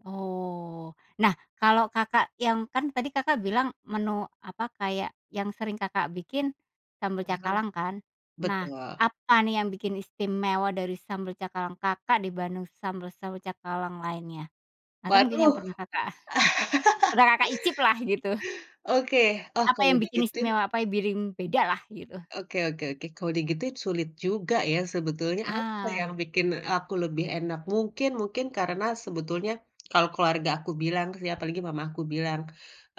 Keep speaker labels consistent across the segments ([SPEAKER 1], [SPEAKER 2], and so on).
[SPEAKER 1] Oh, nah kalau, Kakak, yang kan tadi, Kakak, bilang menu apa, kayak yang sering, Kakak, bikin sambel
[SPEAKER 2] Mhm.
[SPEAKER 1] cakalang kan? Nah
[SPEAKER 2] Betul.
[SPEAKER 1] apa nih yang bikin istimewa dari sambel cakalang, Kakak, dibanding sambel-sambel cakalang lainnya? Atau mungkin yang
[SPEAKER 2] Waduh.
[SPEAKER 1] pernah, Kakak, pernah, Kakak, icip lah gitu?
[SPEAKER 2] Oke, oh
[SPEAKER 1] Apa
[SPEAKER 2] kalau
[SPEAKER 1] yang bikin
[SPEAKER 2] digituin
[SPEAKER 1] istimewa? Apa yang bikin beda lah gitu?
[SPEAKER 2] oke oke oke, kalau digituin sulit juga ya sebetulnya apa
[SPEAKER 1] Ah.
[SPEAKER 2] yang bikin aku lebih enak. Mungkin mungkin karena sebetulnya kalau keluarga aku bilang, ya, apalagi mamah aku bilang,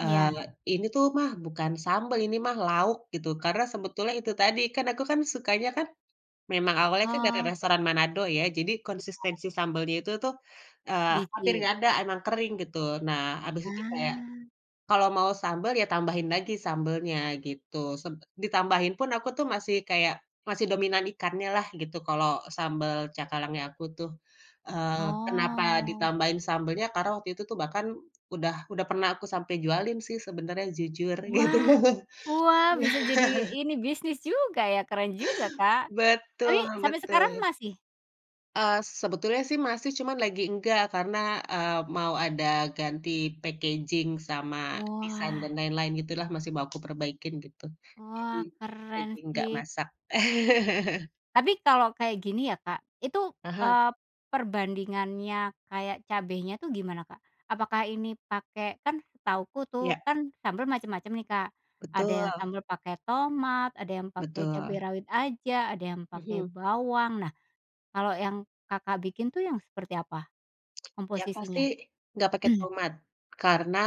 [SPEAKER 1] Ya.
[SPEAKER 2] "Ini tuh mah bukan sambal, ini mah lauk," gitu. Karena sebetulnya itu tadi, kan aku kan sukanya kan memang awalnya dari
[SPEAKER 1] Oh.
[SPEAKER 2] restoran Manado ya, jadi
[SPEAKER 1] Iya.
[SPEAKER 2] konsistensi sambalnya itu tuh, eee, hampir
[SPEAKER 1] Dikit.
[SPEAKER 2] nggak ada emang kering gitu. Nah habis itu kayak
[SPEAKER 1] Ah.
[SPEAKER 2] kalau mau sambal ya tambahin lagi sambelnya gitu. Seb ditambahin pun aku tuh masih kayak masih dominan ikannya lah gitu kalau sambal cakalangnya aku tuh, eee, kenapa
[SPEAKER 1] Oh.
[SPEAKER 2] ditambahin sambelnya? Karena waktu itu bahkan udah udah pernah aku sampe jualin sih sebenernya, jujur gitu.
[SPEAKER 1] Wah! Wah bisa jadi ini bisnis juga ya, keren juga, Kak! Tapi
[SPEAKER 2] Betul
[SPEAKER 1] sampai sekarang
[SPEAKER 2] betul.
[SPEAKER 1] masih?
[SPEAKER 2] Eee, sebetulnya sih masih cuma lagi enggak karena, eee, mau ada ganti packaging sama design dan
[SPEAKER 1] Wah.
[SPEAKER 2] lain-lain gitu lah, masih mau aku perbaikin gitu. Lagi
[SPEAKER 1] Wah keren
[SPEAKER 2] lagi gak
[SPEAKER 1] sih!
[SPEAKER 2] masak.
[SPEAKER 1] Tapi kalau kayak gini ya, Kak, itu,
[SPEAKER 2] Ah hah.
[SPEAKER 1] eee, perbandingannya kayak cabenya tuh gimana, Kak? Apakah ini pakai kan setahuku tuh
[SPEAKER 2] Iya.
[SPEAKER 1] kan sambil macem-macem nih, Kak, ada
[SPEAKER 2] Betul
[SPEAKER 1] yang sambil pakai tomat, ada yang pakai cabe
[SPEAKER 2] Betul.
[SPEAKER 1] rawit aja, ada yang pakai
[SPEAKER 2] Mhm.
[SPEAKER 1] bawang, nah kalau yang, Kakak, bikin tuh yang seperti apa
[SPEAKER 2] Yang pasti
[SPEAKER 1] komposisinya?
[SPEAKER 2] gak pake tomat. Karena,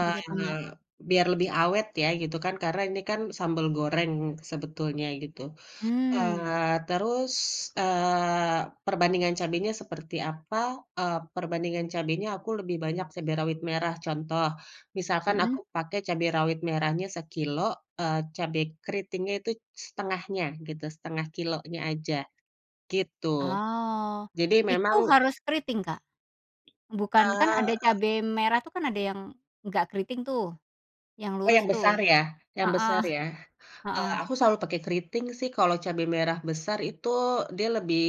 [SPEAKER 1] [unintelligible] Pakai tomat.
[SPEAKER 2] biar lebih awet ya gitu kan. Karena ini kan sambal goreng sebetulnya gitu.
[SPEAKER 1] Mmm.
[SPEAKER 2] Eee, terus, eee, perbandingan cabenya seperti apa? Eee, perbandingan cabenya aku lebih banyak cabe rawit merah. Contoh, misalkan
[SPEAKER 1] Mhm.
[SPEAKER 2] aku pakai cabe rawit merahnya sekilo, eee, cabe kriting itu 1/2-nya gitu 1/2 kilogramnya aja. Gitu.
[SPEAKER 1] Oh,
[SPEAKER 2] Jadi
[SPEAKER 1] Itu
[SPEAKER 2] memang
[SPEAKER 1] harus keriting, Kak? Bukan
[SPEAKER 2] Eee
[SPEAKER 1] kan ada
[SPEAKER 2] apa.
[SPEAKER 1] cabe merah tuh kan ada yang nggak keriting tuh, yang
[SPEAKER 2] Oh
[SPEAKER 1] lurus
[SPEAKER 2] yang
[SPEAKER 1] tuh.
[SPEAKER 2] besar ya? Yang
[SPEAKER 1] Heeh
[SPEAKER 2] besar ya? Eee,
[SPEAKER 1] heeh.
[SPEAKER 2] aku selalu pake keriting sih, kalo cabe merah besar itu dia lebih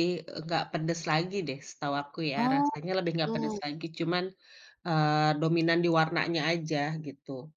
[SPEAKER 2] gak pedes lagi deh setahu aku ya,
[SPEAKER 1] Oh,
[SPEAKER 2] rasanya lebih gak pedes
[SPEAKER 1] tu.
[SPEAKER 2] lagi, cuman, eee, dominan di warnanya aja gitu.